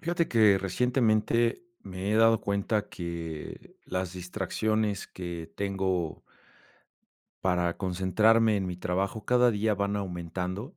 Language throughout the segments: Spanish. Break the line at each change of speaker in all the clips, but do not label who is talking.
Fíjate que recientemente me he dado cuenta que las distracciones que tengo para concentrarme en mi trabajo cada día van aumentando.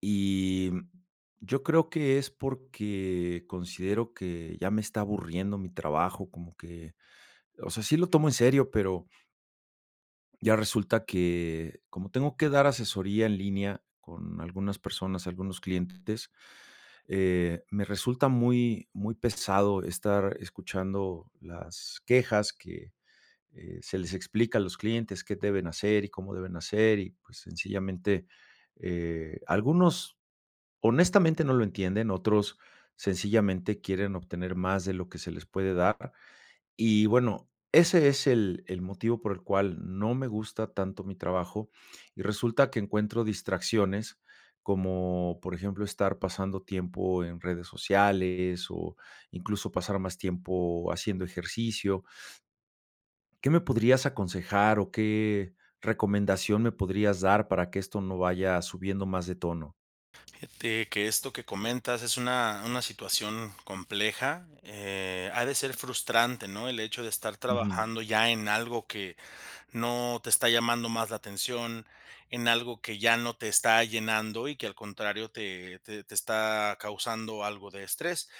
Y, mm, yo creo que es porque considero que ya me está aburriendo mi trabajo como que, o sea, sí lo tomo en serio, pero ya resulta que como tengo que dar asesoría en línea con algunas personas, algunos clientes, eh, me resulta muy, muy pesado estar escuchando las quejas que, eh, se les explica a los clientes que deben hacer y cómo deben hacer, y pues sencillamente, eh, algunos honestamente no lo entienden. Otros, sencillamente quieren obtener más de lo que se les puede dar. Y bueno, ese es el, el motivo por el cual no me gusta tanto mi trabajo y resulta que encuentro distracciones. Como, por ejemplo, estar pasando tiempo en redes sociales, o incluso, pasar más tiempo haciendo ejercicio. ¿Qué me podrías aconsejar, o qué recomendación me podrías dar para que esto no vaya subiendo más de tono?
Fíjate, que esto que comentas, es una una situación compleja, eh, ha de ser frustrante, ¿no?, el hecho de estar
Ujú.
trabajando, ya en algo que, no te está llamando más la atención. En algo que, ya no te está llenando, y que al contrario, te te te está causando algo de estrés,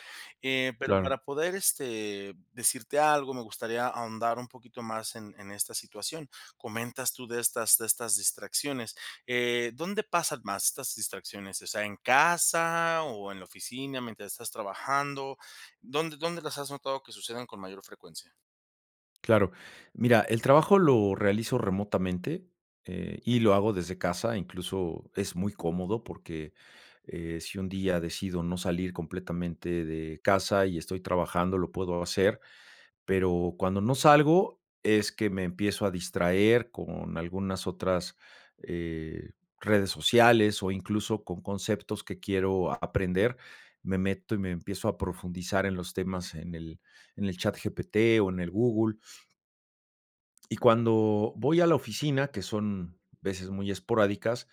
eh, pero
Claro.
para poder, este, decirte algo, me gustaría ahondar un poquito más, en en esta situación. Comentas tú, de estas de estas distracciones, eh, ¿dónde pasan más estas distracciones? O sea, ¿en casa, o en la oficina, mientras estás trabajando? ¿Dónde dónde las has notado, que sucedan con mayor frecuencia?
Claro. Mira, el trabajo lo realizo remotamente, eh, y lo hago desde casa. Incluso, es muy cómodo, porque, eh, si un día decido no salir, completamente de casa, y estoy trabajando, lo puedo hacer. Pero cuando no salgo, es que me empiezo a distraer, con algunas otras, eh, redes sociales. O incluso, con conceptos que quiero aprender. Me meto, y me empiezo a profundizar en los temas, en el en el chat GPT o en el Google. Y cuando voy a la oficina, que son veces muy esporádicas,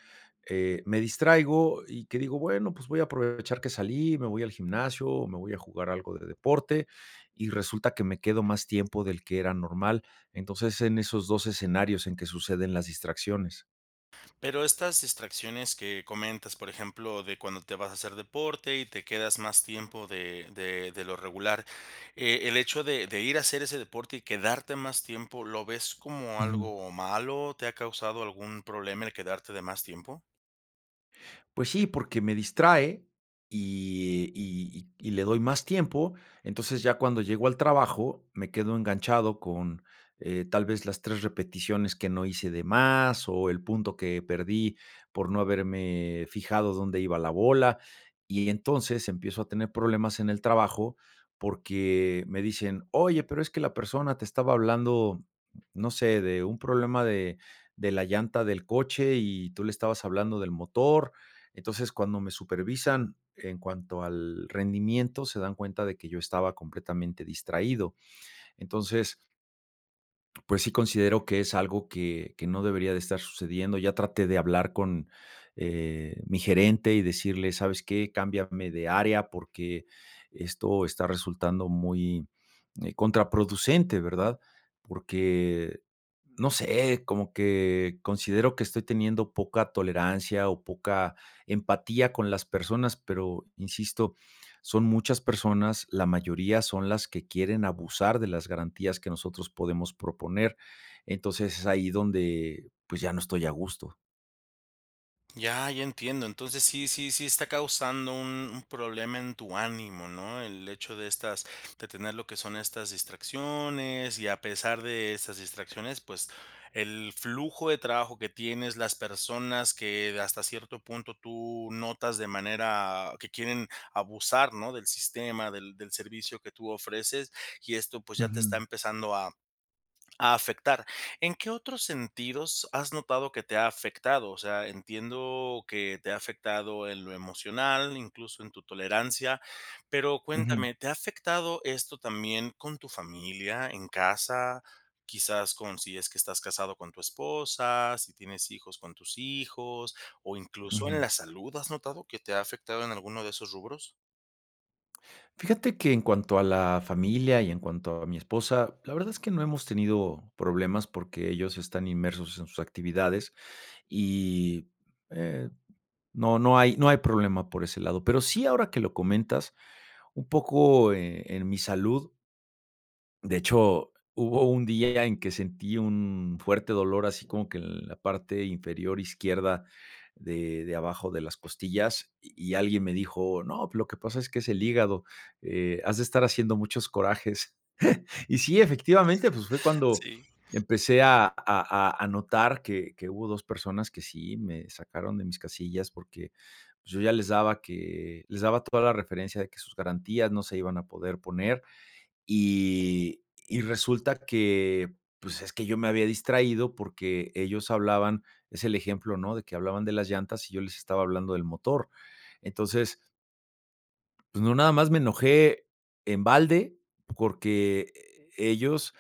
eh, me distraigo, y que digo: "Bueno, pues voy a aprovechar que salí". Me voy al gimnasio, o me voy a jugar algo de deporte. Y resulta, que me quedo más tiempo, del que era normal. Entonces, es en esos dos escenarios, en que suceden las distracciones.
Pero, estas distracciones que comentas, por ejemplo, de cuando te vas a hacer deporte y te quedas más tiempo de de de lo regular, eh, el hecho de de ir a hacer ese deporte y quedarte más tiempo, ¿lo ves como
Ujú.
algo malo, te ha causado algún problema el quedarte de más tiempo?
Pues sí porque me distrae y y y y le doy más tiempo, entonces ya cuando llego al trabajo, me quedo enganchado con, eh, tal vez las 3 repeticiones que no hice de más o el punto que perdí por no haberme fijado dónde iba la bola y entonces empiezo a tener problemas en el trabajo porque me dicen: "Oye, pero es que la persona te estaba hablando, no sé, de un problema de de la llanta del coche y tú le estabas hablando del motor". Entonces, cuando me supervisan en cuanto al rendimiento, se dan cuenta de que yo estaba completamente distraído. Entonces pues sí considero que es algo que que no debería de estar sucediendo. Ya traté de hablar con, eh, mi gerente y decirle: "¿Sabes qué?, cámbiame de área porque esto está resultando muy, eh, contraproducente, ¿verdad?", porque, no sé, como que considero que estoy teniendo poca tolerancia o poca empatía con las personas, pero insisto, son muchas personas, la mayoría son las que quieren abusar de las garantías que nosotros podemos proponer. Entonces, es ahí donde pues ya no estoy a gusto.
Ya, ya entiendo. Entonces sí, sí, sí está causando un un problema en tu ánimo, ¿no? El hecho de estas de tener lo que son estas distracciones, y a pesar de estas distracciones, pues el flujo de trabajo que tienes, las personas que hasta cierto punto tú notas de manera que quieren abusar, ¿no? Del sistema, del del servicio que tú ofreces, y esto pues ya te está
Ujú.
empezando a a afectar, ¿en qué otros sentidos has notado que te ha afectado? O sea, entiendo que te ha afectado en lo emocional, incluso, en tu tolerancia, pero
Ujú.
cuéntame, ¿te ha afectado esto también con tu familia en casa? Quizás, con si es que estás casado con tu esposa, si tienes hijos con tus hijos, o incluso, en
Ujú.
la salud. ¿Has notado que te ha afectado en alguno de esos rubros?
Fíjate que en cuanto a la familia y en cuanto a mi esposa, la verdad es que no hemos tenido problemas, porque ellos están inmersos en sus actividades y, eh, no, no hay, no hay problema por ese lado, pero sí ahora que lo comentas un poco, eh, en mi salud. De hecho, hubo un día en que sentí un fuerte dolor, así como que en la parte inferior izquierda de, de abajo de las costillas, y -y alguien me dijo: "No, lo que pasa es que es el hígado, eh, has de estar haciendo muchos corajes". Y sí, efectivamente, pues, fue cuando
Sí.
empecé a a a a notar que que hubo 2 personas que sí me sacaron de mis casillas, porque yo ya les daba que les daba toda la referencia de que sus garantías no se iban a poder poner. Y y resulta que, pues, es que yo me había distraído, porque ellos hablaban, es el ejemplo, ¿no?, de que hablaban de las llantas, y yo les estaba hablando del motor. Entonces pues no, nada más me enojé en balde, porque e ellos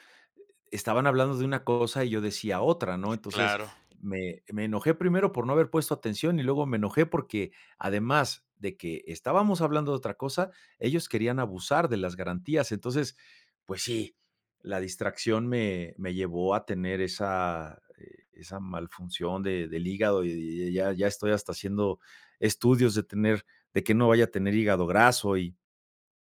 e estaban hablando de una cosa, y yo decía otra, ¿no? Entonces
Claro.
me me enojé primero por no haber puesto atención, y luego me enojé, porque además de que estábamos hablando de otra cosa, ellos querían abusar de las garantías. Entonces pues, sí la distracción me me llevó a tener esa, e esa mal función de del hígado, y y ya ya estoy hasta haciendo estudios de tener de que no vaya a tener hígado graso y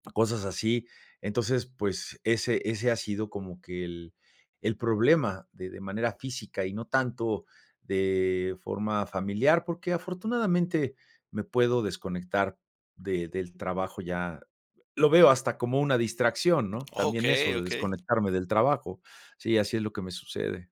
cosas así. Entonces, pues, ese ese ha sido como que el el problema de de manera física, y no tanto de forma familiar, porque afortunadamente me puedo desconectar de del trabajo, ya lo veo hasta como una distracción, ¿no?, también eso
Okey,
de
okey.
desconectarme del trabajo. Sí, así es lo que me sucede.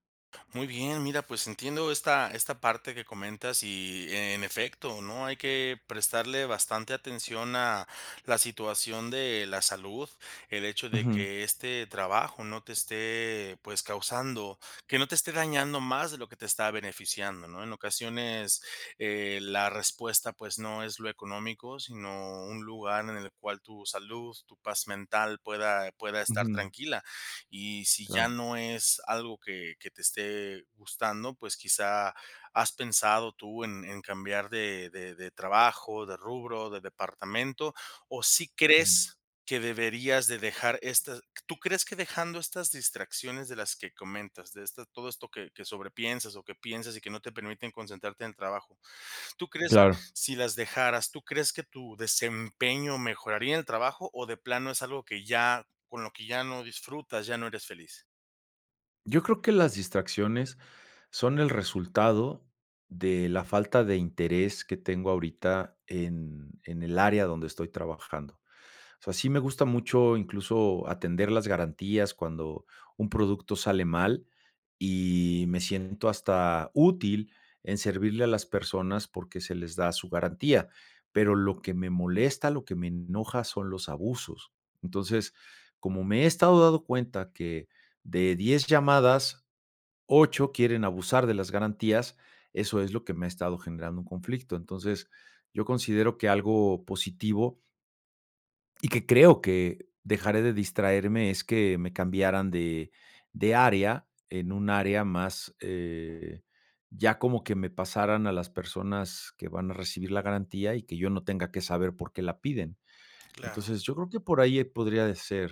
Muy bien, mira, pues entiendo esta esta parte que comentas y ,en efecto, ¿no?, hay que prestarle bastante atención a la situación de la salud, el hecho de
Ujú.
que este trabajo no te esté, pues, causando que no te esté dañando más de lo que te está beneficiando, ¿no? En ocasiones, eh, la respuesta, pues no es lo económico, sino un lugar en el cual tu salud, tu paz mental pueda pueda estar
Ujú.
tranquila y si ya
Claro.
no es algo que que te esté gustando, pues, quizá, ¿has pensado tú en en cambiar de de de trabajo, de rubro, de departamento o sí
Ujú.
crees que deberías de dejar estas q tú crees que dejando estas distracciones de las que comentas, de esta todo esto que que sobrepiensas o que piensas y que no te permiten concentrarte en el trabajo? ¿Tú crees
Claro.
si las dejaras, tú crees que tu desempeño mejoraría en el trabajo o de plano es algo que ya con lo que ya no disfrutas, ya no eres feliz?
Yo creo que las distracciones son el resultado de la falta de interés que tengo ahorita en en el área donde estoy trabajando, o sea, sí me gusta mucho, incluso atender las garantías cuando un producto sale mal y me siento hasta útil en servirle a las personas porque se les da su garantía. Pero lo que me molesta, lo que me enoja, son los abusos. Entonces, como me he estado dado cuenta que de 10 llamadas, 8 quieren abusar de las garantías, eso es lo que me ha estado generando un conflicto. Entonces, yo considero que algo positivo Y que creo que, dejaría de distraerme es que me cambiaran de, de área en un área más, eh, ya como que me pasaran a las personas que van a recibir la garantía y que yo no tenga que saber por qué la piden.
Claro.
Entonces yo creo que por ahí, eh, podría, eh, ser.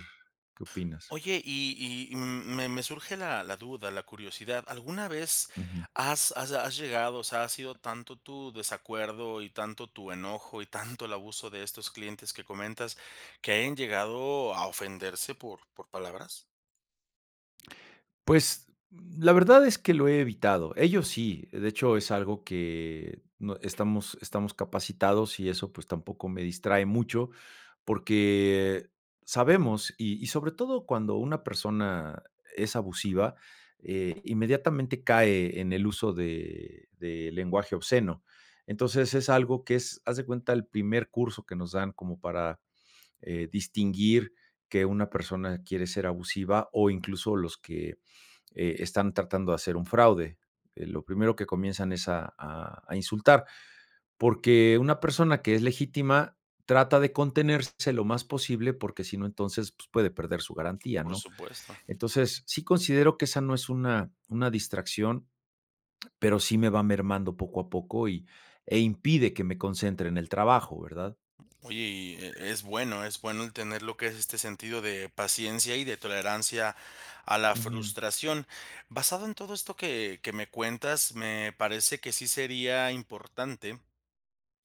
¿Qué opinas?
Oye, y y, mm, me me surge la la duda, la curiosidad, ¿alguna vez
Ujú.
has has has llegado?, o sea, ¿ha sido tanto tu desacuerdo y tanto tu enojo y tanto el abuso de estos clientes que comentas, que hayan llegado a ofenderse por por palabras?
Pues, mm, la verdad es que lo he evitado. Ellos sí, de hecho, es algo que no estamos estamos capacitados y eso pues tampoco me distrae mucho porque, sabemos y y sobre todo cuando una persona es abusiva, eh, inmediatamente cae en el uso de de lenguaje obsceno. Entonces es algo que es, haz de cuenta el primer curso que nos dan como para eh, distinguir que una persona quiere ser abusiva o incluso los que, eh, están tratando de hacer un fraude, eh, lo primero que comienzan es a a a insultar porque una persona que es legítima trata de contenerse lo más posible porque si no, entonces, pues puede perder su garantía,
Por
¿no?
supuesto.
Entonces sí considero que esa no es una, una distracción, pero sí me va mermando poco a poco y e impide que me concentre en el trabajo, ¿verdad?
Oye, y e es bueno, es bueno el tener lo que es este sentido de paciencia y de tolerancia a la
Ujú.
frustración. Basado en todo esto que, que me cuentas, me parece que sí sería importante,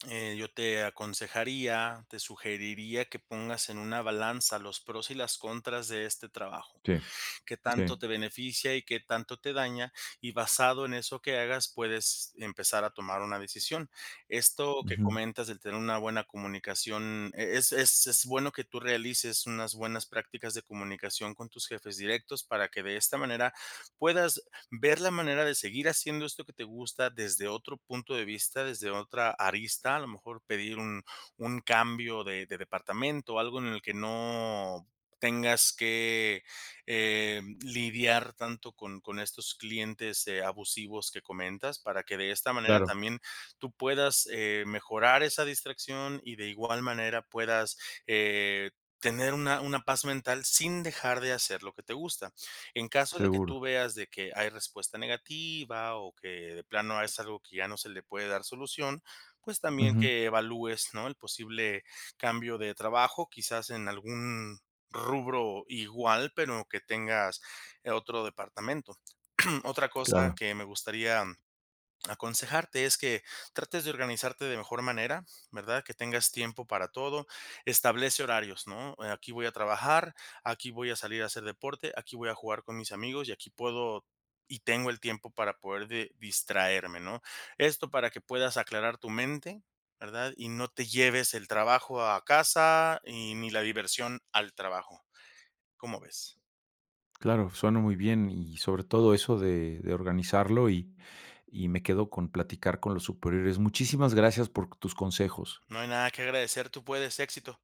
eh, yo te aconsejaría, te sugeriría que pongas en una balanza los pros y las contras de este trabajo,
Sí.
qué tanto
Sí.
te beneficia y qué tanto te daña y basado en eso que hagas, puedes empezar a tomar una decisión. Esto que
Ujú.
comentas de tener una buena comunicación, eh, es es es bueno que tú realices unas buenas prácticas de comunicación con tus jefes directos para que de esta manera puedas, ver la manera de seguir haciendo esto que te gusta desde otro punto de vista, desde otra arista, a lo mejor pedir un un cambio de de departamento, algo en el que no tengas que, em, lidiar tanto con con estos clientes, eh, abusivos que comentas para que de esta manera
Claro.
también tú puedas, eh, mejorar esa distracción y de igual manera puedas, eh, tener una una paz mental sin dejar de hacer lo que te gusta. En caso de que
Seguro.
tú veas de que hay respuesta negativa o que de plano es algo que ya no se le puede dar solución, pues también
Ujú.
que evalúes, ¿no?, el posible cambio de trabajo, quizás en algún, rubro igual, pero que tengas, eh, otro departamento. Otra cosa
Claro.
que me gustaría, aconsejarte es que, trates de organizarte de mejor manera, ¿verdad? Que tengas tiempo para todo, establece horarios, ¿no?, eh, aquí voy a trabajar, aquí voy a salir a hacer deporte, aquí voy a jugar con mis amigos y aquí puedo y tengo el tiempo para poder de distraerme, ¿no? Esto para que puedas aclarar tu mente, ¿verdad? Y no te lleves el trabajo a casa y ni la diversión al trabajo. ¿Cómo ves?
Claro, suena muy bien, y sobre todo eso de, de organizarlo y, y me quedo con platicar con los superiores, muchísimas gracias por tus consejos.
No hay nada que agradecer. Tú puedes, éxito.